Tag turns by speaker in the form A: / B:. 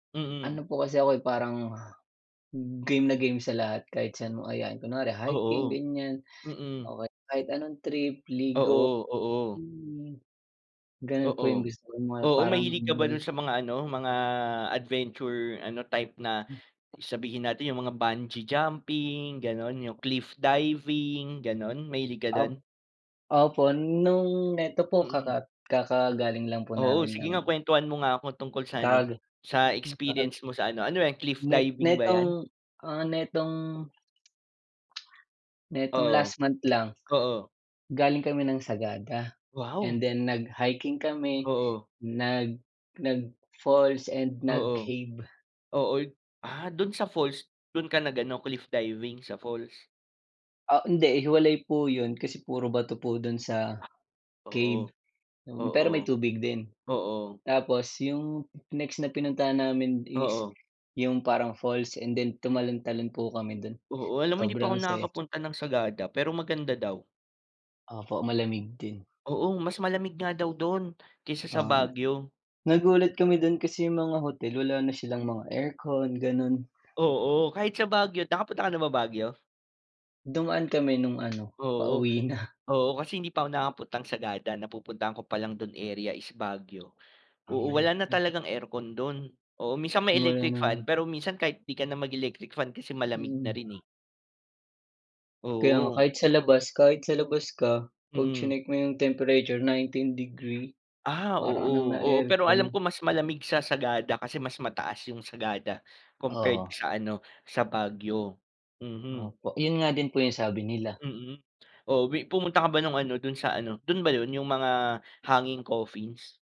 A: Mm.
B: Ano po kasi ako eh, parang game na game sa lahat kahit saan mo ayain, kunware hiking,
A: Oo.
B: ganiyan
A: Mm.
B: o kahit anong trip, ligo,
A: Oo, oo.
B: swimming. Ganun po
A: Oo,
B: yung gusto ko mga
A: oo,
B: parang
A: mahilig ka ba dun
B: [unintelligible]
A: sa mga ano, mga adventure ano, type na
B: Hmm.
A: sabihin natin yung mga bungee jumping, gano'n, yung cliff diving, gano'n, mahilig ka
B: Op
A: dun?
B: opo, nung neto po kaka
A: Mm.
B: kakagaling lang po
A: Oo,
B: namin
A: sige
B: ng
A: nga, kwentuhan mo nga ako tungkol sa ano,
B: Kag
A: sa
B: na kakaga
A: experience mo sa ano, ano ba yan, cliff
B: Net
A: diving ba
B: nitong,
A: yan?
B: ah, nitong nitong
A: Oo.
B: last month lang.
A: Oo.
B: Galing kami ng Sagada
A: Wow.
B: and then nag-hiking kami,
A: Oo.
B: nag nag-falls and
A: Oo,
B: nag-cave.
A: oo, ah, dun sa falls, dun ka nag-ano, cliff diving sa falls?
B: Ah, hindi, hiwalay po yun kasi puro bato po dun sa cave,
A: Oo,
B: yun, pero
A: oo,
B: may tubig din.
A: oo.
B: Tapos yung next na pinuntahan namin is
A: Oo.
B: yung parang falls and then tumalon-talon po kami dun.
A: Oo, alam mo, hindi pa ako
B: Sobrang saya.
A: nakakapunta ng Sagada pero maganda daw.
B: Opo, malamig din.
A: Oo, mas malamig nga daw dun kaysa sa
B: Oo, me
A: Baguio.
B: nagulat kami dun kasi yung mga hotel, wala na silang mga aircon, ganun.
A: Oo, kahit sa Baguio. Nakapunta ka na ba Baguio?
B: Dumaan kami nung ano,
A: Oo,
B: pauwi na.
A: oo, kasi hindi pa ako nakapuntang Sagada, napupuntahan ko palang dun area is Baguio. Oo, wala na
B: [unintelligible]
A: talagang aircon dun. Oo, minsan may electric fan
B: Meron.
A: pero minsan kahit di ka na mag-electric fan kasi malamig na rin
B: Mhm.
A: eh.
B: Kaya nga,
A: Oo.
B: kahit sa labas kahit sa labas ka, 'pag
A: Mm.
B: chineck mo yung temperature 19°
A: Ah,
B: para ka ng
A: oo, oo. Pero
B: na-aircon.
A: alam ko mas malamig sa Sagada kasi mas mataas yung Sagada compared
B: Oo.
A: sa ano, sa Baguio, mhm.
B: Opo, yun nga din po yung sabi nila.
A: Mm, oo, bi pumunta ka ba nung ano dun sa ano, dun ba yun, yung mga hanging coffins?